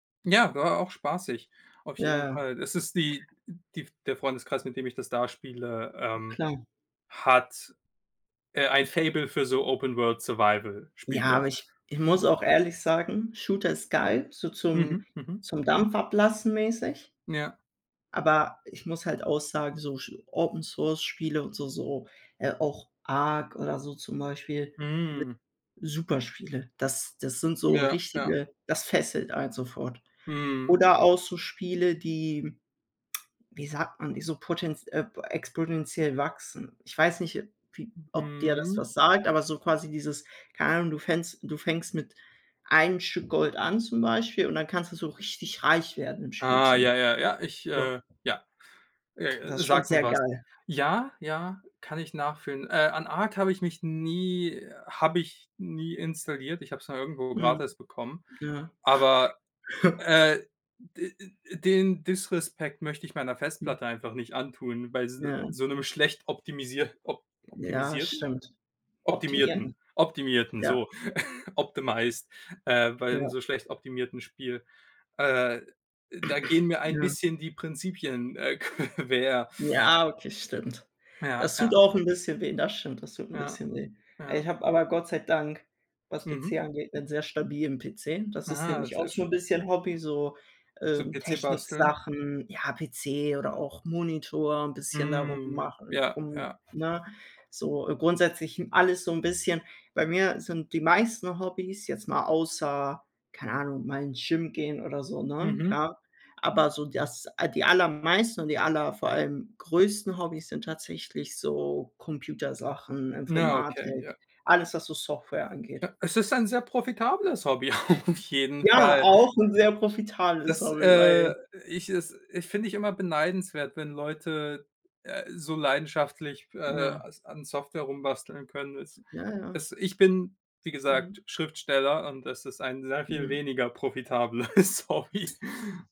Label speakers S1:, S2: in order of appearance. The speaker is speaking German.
S1: Ja, war auch spaßig, auf
S2: Ja,
S1: jeden
S2: ja.
S1: Fall. Das ist die, äh die f der Freundeskreis, mit dem ich das da spiele, ähm,
S2: Klar.
S1: hat, äh, ein Faible für so
S2: Ja,
S1: Open-World-Survival-Spiele.
S2: aber ich ich muss auch ehrlich sagen, Shooter ist geil, so zum
S1: Mhm, mhm.
S2: zum Dampf ablassen mäßig.
S1: Ja.
S2: Aber ich muss halt auch sagen, so sch Open-Source-Spiele und so so, äh, auch ARC oder so zum Beispiel, ne?
S1: Hm.
S2: Super Spiele, das das sind so
S1: Ja, ja.
S2: richtige das fesselt einen sofort.
S1: Mhm.
S2: Oder auch so Spiele, die, wie sagt man, so potent äh, exponentiell wachsen. Ich weiß nicht wie ob dir das
S1: Mhm.
S2: was sagt, aber so quasi dieses, keine Ahnung, du fängst du fängst mit einem Stück Gold an zum Beispiel und dann kannst du so richtig reich werden im Spiel
S1: Ah
S2: zum
S1: ja,
S2: Beispiel.
S1: ja, ja, ich,
S2: So.
S1: äh ja.
S2: Das
S1: Äh,
S2: ist schon
S1: sagt mir
S2: sehr
S1: was.
S2: geil.
S1: Ja, ja, kann ich nachfühlen. Äh, an ARC habe ich mich nie habe ich nie installiert. Ich habe es mal irgendwo
S2: Mhm.
S1: gratis bekommen.
S2: Ja.
S1: Aber, äh, d d den disrespect möchte ich meiner
S2: Hm.
S1: Festplatte einfach nicht antun, weil s
S2: Ja.
S1: so 'nem schlecht optimisier op
S2: Ja,
S1: optimisierten?
S2: stimmt. Optimierten.
S1: Optimierten, optimierten,
S2: Ja.
S1: so, optimised, äh, beim
S2: Ja.
S1: so schlecht optimierten Spiel, äh, da gehen mir ein
S2: Ja.
S1: bisschen die Prinzipien, äh, quer.
S2: Ja, okay, stimmt.
S1: Ja,
S2: Das tut
S1: ja.
S2: auch 'n bisschen weh. Das stimmt, das tut 'n
S1: Ja,
S2: bisschen weh. Ich
S1: ja.
S2: habe aber Gott sei Dank, was PC
S1: Mhm.
S2: angeht, 'nen sehr stabilen PC. Das ist
S1: Ah,
S2: nämlich auch
S1: sehr
S2: so 'n
S1: schön.
S2: bisschen Hobby, so, äh,
S1: Zum PC basteln.
S2: Technik-Sachen, ja PC oder auch Monitor 'n bisschen da rum
S1: Hm.
S2: machen,
S1: Ja,
S2: um
S1: ja.
S2: ne? So, äh, grundsätzlich, hm, alles so 'n bisschen bei mir sind die meisten Hobbys, jetzt mal außer, keine Ahnung, mal ins Gym gehen oder so, ne?
S1: Mhm.
S2: Klar. Aber, so das ah, die allermeisten und die aller vor allem größten Hobbys sind tatsächlich so Computersachen,
S1: Na, okay, ja.
S2: Informatik, alles, was so Software angeht.
S1: Ja, es ist ein sehr profitables Hobby auf jeden
S2: Ja,
S1: Fall.
S2: auch 'n sehr profitales
S1: Das,
S2: Hobby, weil
S1: äh ich es ich finde ich immer beneidenswert, wenn Leute, äh, so leidenschaftlich, äh,
S2: Ja.
S1: als an Software rumbasteln können es
S2: Ja, ja.
S1: es ich bin, wie gesagt,
S2: Mhm.
S1: Schriftsteller und das ist ein sehr viel
S2: Mhm.
S1: weniger profitableres Hobby.